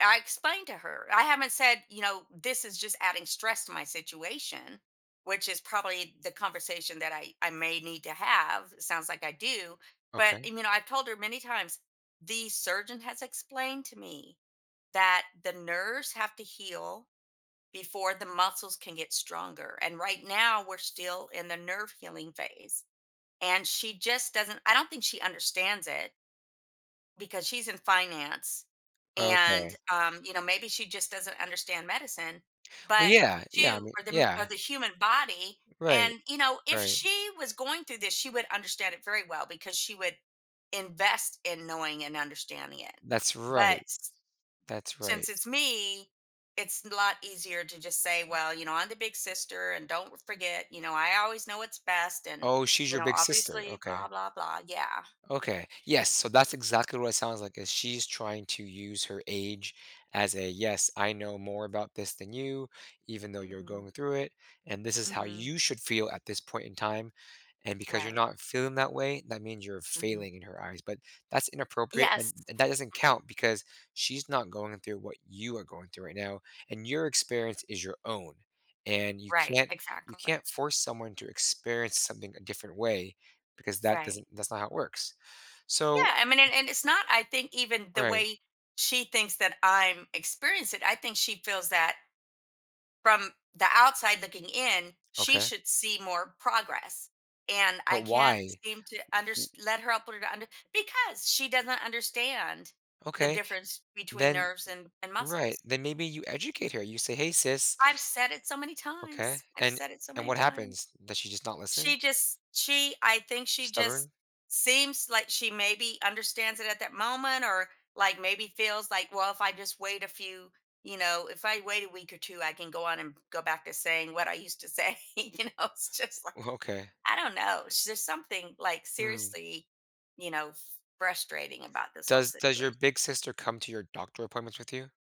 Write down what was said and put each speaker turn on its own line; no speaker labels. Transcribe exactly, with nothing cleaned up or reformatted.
I explained to her I haven't said, you know, "This is just adding stress to my situation," which is probably the conversation that I I may need to have, it sounds like I do, but
Okay.
e mean, know, I've told her many times, "The surgeon has explained to me that the nerves have to heal before the muscles can get stronger. And right now, we're still in the nerve healing phase." And she just doesn't I don't think she understands it because she's in finance and,
Okay.
um, you know, maybe she just doesn't understand medicine,
Well,
but
yeah, yeah, I
two,
mean
or them or
yeah.
the human body,
Right.
and, you know, if
Right.
she was going through this, she would understand it very well because she would invest in knowing and understanding it.
That's
But
right.
s
That's right.
since it's me, it's n a lot easier to just say, "Well, you know, I'm the big sister and don't w forget, you know, I always know what's best and,
Oh, she's
you
your
know,
big sister,
obviously
okay.
blah blah blah," yeah.
Okay. Yes, so that's exactly what it sounds like, that she's trying to use her age as a, "Yes, I know more about this than you even though you're
Mhm.
going through it, and this is how
Mhm.
you should feel at this point in time." And because you're
Right.
not feeling that way, that means you're
Mhm.
failing in her eyes. But that's inappropriate, an
Yes.
and that doesn't count because she's not going through what you are going through right now, and your experience is your own. And you
Right,
can't you
exactly.
can't force someone to experience something a different way because that
Right.
doesn't that's not how it works. So
Yeah, I mean, and and it's not, I think, even the
Right.
way she thinks that I'm experience it, I think she feels that from the outside looking in, she
Okay.
should see more progress. And
But
I can't
why?
seem to
W wh
unders let her [unintelligible] because she doesn't understand the
Okay.
difference between
Then
nerves and and
Right,
muscles.
then maybe you educate her, you say, "Hey, sis"
I've said it so many
Okay,
times. I've
and
said it so
and
many
what
times.
happens? Does she just not listen?
She just she I think she just
Stubborn?
seems like she maybe understands it at that moment or, like, maybe feels like, "Well, if I just wait a few you know, if I wait a week or two, I can go on and go back to saying what I used to say, you know, it's just like
Well, okay.
I don't know sh there's something, like,
Mm.
seriously, you know, f frustrating about this whole
Does does your
situat
big sister come to your doctor appointments with you?